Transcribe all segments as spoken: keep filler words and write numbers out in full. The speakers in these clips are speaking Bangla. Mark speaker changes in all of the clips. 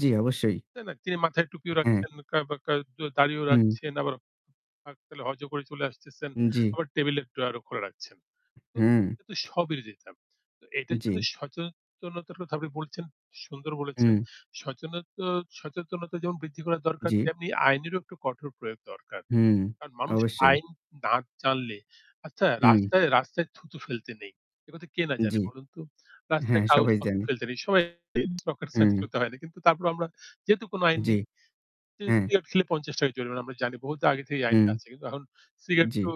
Speaker 1: জ্বি, অবশ্যই।
Speaker 2: তাই না, তিনি মাথায় টুপিও
Speaker 1: হ্যাঁ।
Speaker 2: রাখছেন। [unintelligible] দাড়িও
Speaker 1: হুম।
Speaker 2: রাখছেন আবার ফাক পেলে হজও করে চলে আসতেছেন।
Speaker 1: জ্বি।
Speaker 2: আবার টেবল এর ড্রয়ারও খোলা রাখছেন। তো
Speaker 1: হুঁ।
Speaker 2: এটা স্ববিরোধিতা। তো এটার জন্য
Speaker 1: জ্বী।
Speaker 2: সচেতনতার কথা আপনি বলেছেন, সুন্দর বলেছেন।
Speaker 1: হুম।
Speaker 2: সচেনতা সচেতনতা যেমন বৃদ্ধি করা দরকার
Speaker 1: জ্বি।
Speaker 2: তেমনি আইনেরও একটু কঠোর প্রয়োগ দরকার।
Speaker 1: হুম
Speaker 2: কারণ মানুষ
Speaker 1: অবশ্যই।
Speaker 2: আইন না জানলে আচ্ছা
Speaker 1: হু।
Speaker 2: রাস্তায় রাস্তায় থুতু ফেলতে নেই। এ কথা কে না জানে
Speaker 1: জ্বি।
Speaker 2: বলুন তো। রাস্তায়
Speaker 1: হ্যাঁ, সবাই
Speaker 2: কাগজপত্র
Speaker 1: জানে।
Speaker 2: ফেলতে নেই। সবাই
Speaker 1: হুম।
Speaker 2: [unintelligible] হয় না। কিন্তু তারপরও আমরা যেহেতু কোনো আইন
Speaker 1: জ্বি।
Speaker 2: নেই
Speaker 1: হ্যাঁ।
Speaker 2: সিগারেট খেলে পঞ্চাশ টাকা জরিমানা আমরা জানি বহুতো আগে থেকেই এই
Speaker 1: হুম।
Speaker 2: আইনটা আছে। কিন্তু এখন সিগারেট
Speaker 1: জ্বি।
Speaker 2: তো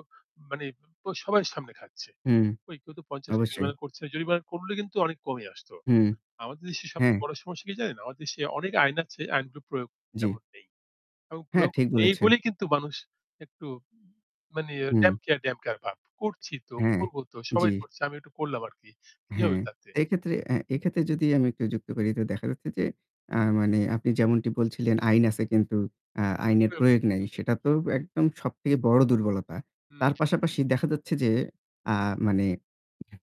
Speaker 2: মানে প সবাই সামনে খাচ্ছে।
Speaker 1: হুম
Speaker 2: কেউ তো পঞ্চাশ টাকা
Speaker 1: অবশ্যই।
Speaker 2: জরিমানা করছে। জরিমানা করলে কিন্তু অনেক কমে আসত।
Speaker 1: হু।
Speaker 2: আমাদের দেশে
Speaker 1: হ্যাঁ।
Speaker 2: সবচেয়ে বড় সমস্যা কি জানেন? আমাদের দেশে অনেক আইন আছে, আইনগুলো প্রয়োগ
Speaker 1: জ্বি।
Speaker 2: তেমন নেই। এবং
Speaker 1: হ্যাঁ
Speaker 2: প্রয়োগ
Speaker 1: ঠিক
Speaker 2: নেই
Speaker 1: বলেছেন।
Speaker 2: বলেই কিন্তু মানুষ একটু মানে
Speaker 1: হুম।
Speaker 2: damn care damn care ভাব করছি তো,
Speaker 1: হ্যাঁ,
Speaker 2: করব তো সবাই
Speaker 1: জ্বি।
Speaker 2: করছে। আমি একটু করলাম আরকি। কি
Speaker 1: হ্যাঁ,
Speaker 2: হবে তাতে?
Speaker 1: এক্ষেত্রে এ এক্ষেত্রে যদি আমি একটু যুক্ত করি তো দেখা যাচ্ছে আ যে
Speaker 2: উ
Speaker 1: মানে আপনি যেমনটি বলছিলেন আইন আছে কিন্তু আ আইনের
Speaker 2: [unintelligible]
Speaker 1: প্রয়োগ নাই। সেটা তো একদম সবথেকে বড় দুর্বলতা।
Speaker 2: হুম।
Speaker 1: তার পাশাপাশি দেখা যাচ্ছে যে আ মানে [unintelligible]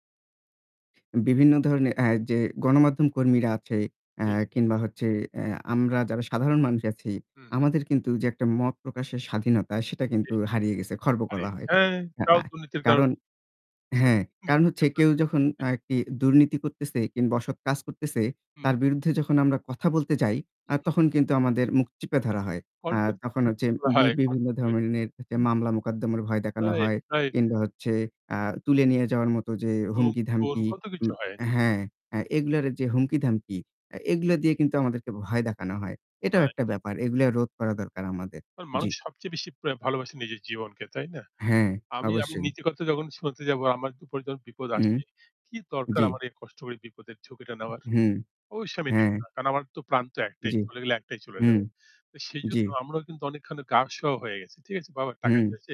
Speaker 1: বিভিন্ন ধরনের আ যে গণমাধ্যম কর্মীরা আছে আ
Speaker 2: জি, জি।
Speaker 1: কিংবা হচ্ছে এ আমরা যারা সাধারণ মানুষ আছি
Speaker 2: হু, হু।
Speaker 1: আমাদের কিন্তু যে একটা মত প্রকাশের স্বাধীনতা সেটা
Speaker 2: জি,
Speaker 1: কিন্তু
Speaker 2: জি।
Speaker 1: হারিয়ে গেছে। খর্ব
Speaker 2: আরে
Speaker 1: করা হয়।
Speaker 2: হ্যাঁ তাও
Speaker 1: আ
Speaker 2: দুর্নীতির কারণ।
Speaker 1: কারণ
Speaker 2: [unintelligible]
Speaker 1: হ্যাঁ, কারণ হচ্ছে কেউ যখন আরকি দুর্নীতি করতেছে কিংবা অসৎ কাজ করতেছে
Speaker 2: হু।
Speaker 1: তার বিরুদ্ধে যখন আমরা কথা বলতে যাই,
Speaker 2: হু,
Speaker 1: আ
Speaker 2: হু।
Speaker 1: তখন কিন্তু আমাদের মুখ চিপে ধরা হয়। আ
Speaker 2: কন্ঠ
Speaker 1: তখন
Speaker 2: [unintelligible]
Speaker 1: হচ্ছে
Speaker 2: করা
Speaker 1: ব
Speaker 2: হয়।
Speaker 1: বিভিন্ন ধরনের
Speaker 2: [unintelligible]
Speaker 1: মামলা মোকদ্দমার ভয় দেখানো
Speaker 2: রাইট,
Speaker 1: হয়।
Speaker 2: রাইট।
Speaker 1: কিংবা হচ্ছে আ তুলে নিয়ে যাওয়ার মতো যে
Speaker 2: গুম খুন
Speaker 1: হুমকি-ধামকি,
Speaker 2: কত
Speaker 1: উ
Speaker 2: কিছু হয়।
Speaker 1: হ্যাঁ আ এগুলার যে হুমকি-ধামকি আ
Speaker 2: জি,
Speaker 1: এগুলা
Speaker 2: জি।
Speaker 1: দিয়ে কিন্তু আমাদেরকে ভয় দেখানো হয়। এটাও
Speaker 2: রাইট।
Speaker 1: একটা ব্যাপার। এগুলা রোধ করা দরকার আমাদের। জ্বি।
Speaker 2: মানুষ সবচেয়ে বেশি প্রে ভালোবাসে নিজের জীবনকে, তাই না?
Speaker 1: হ্যাঁ,
Speaker 2: আমি আমি
Speaker 1: অবশ্যই।
Speaker 2: নীতি কথা যখন শুনাতে যাবো আমার উপরে যখন বিপদ
Speaker 1: হু।
Speaker 2: আসে। কি দরকার
Speaker 1: জ্বি।
Speaker 2: আমার এই কষ্ট করে বিপদের ঝুঁকিটা নেওয়ার।
Speaker 1: উহ হুঁ
Speaker 2: অবশ্যই আমি নেব
Speaker 1: হ্যাঁ।
Speaker 2: না। কারণ আমার তো প্রাণ তো একটাই
Speaker 1: জ্বী।
Speaker 2: চলে গেলে একটাই চলে
Speaker 1: হু,
Speaker 2: যাবে। তো
Speaker 1: জ্বী।
Speaker 2: সেজন্য আমরাও কিন্তু অনেকখানি গা সওয়া হয়ে গেছি। ঠিক আছে বাবা টাকা
Speaker 1: হু।
Speaker 2: চাইছে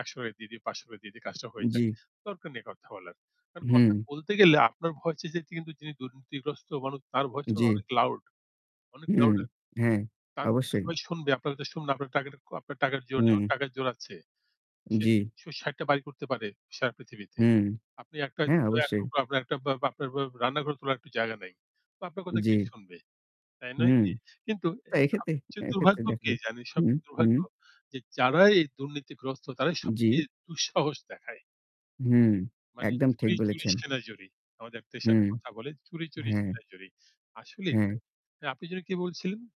Speaker 2: একশো টাকা দিয়ে দিই পাঁচশো টাকা দিয়ে দি কাজটা হয়ে যাক।
Speaker 1: জ্বী।
Speaker 2: দরকার নেই কথা বলার। কারণ কথা
Speaker 1: হুম।
Speaker 2: বলতে গেলে আপনার ভয়েস যেতে কিন্তু যিনি দুর্নীতিগ্রস্ত মানুষ তার ভয়েস কিন্তু
Speaker 1: জ্বী।
Speaker 2: অনেক লাউড, অনেক
Speaker 1: হুম
Speaker 2: লাউডার।
Speaker 1: হ্যাঁ
Speaker 2: তার কথা
Speaker 1: অবশ্যই।
Speaker 2: সবাই শুনবে। আপনার কথা শুনুন আপনার টাকা ক আপনার টাকার জোর নেই। ওর
Speaker 1: হুম।
Speaker 2: টাকার জোর আছে। সে
Speaker 1: জ্বি।
Speaker 2: ষাট টা বাড়ি করতে পারে সারা পৃথিবীতে।
Speaker 1: হুম।
Speaker 2: আপনি একটা
Speaker 1: হ্যাঁ অবশ্যই।
Speaker 2: [unintelligible] আপনার রান্নাঘর তোলার একটা জায়গা নাই। আপনার কথা কে
Speaker 1: জ্বি।
Speaker 2: শুনবে? তাই নয়
Speaker 1: হুম
Speaker 2: কি? কিন্তু
Speaker 1: তা এক্ষেত্রে
Speaker 2: সবচেয়ে
Speaker 1: এক্ষেত্রে
Speaker 2: দুর্ভাগ্য
Speaker 1: দেখা
Speaker 2: কি
Speaker 1: যায়
Speaker 2: জানে
Speaker 1: হুম,
Speaker 2: সবচেয়ে
Speaker 1: হুম।
Speaker 2: দুর্ভাগ্য যে যারাই এই দুর্নীতিগ্রস্ত তারাই
Speaker 1: জ্বি।
Speaker 2: সবচেয়ে দুঃসাহস দেখায়।
Speaker 1: হুঁ।
Speaker 2: মানে
Speaker 1: একদম ঠিক
Speaker 2: চুরি, চুরি
Speaker 1: বলেছেন।
Speaker 2: সিনা জুরি। আমাদের দেশে
Speaker 1: হুম।
Speaker 2: কথা বলে চুরি, চুরি
Speaker 1: হ্যাঁ।
Speaker 2: সিনা জুরি। আসলেই তাই।
Speaker 1: হ্যাঁ।
Speaker 2: আ আপনি যেন কি বলছিলেন?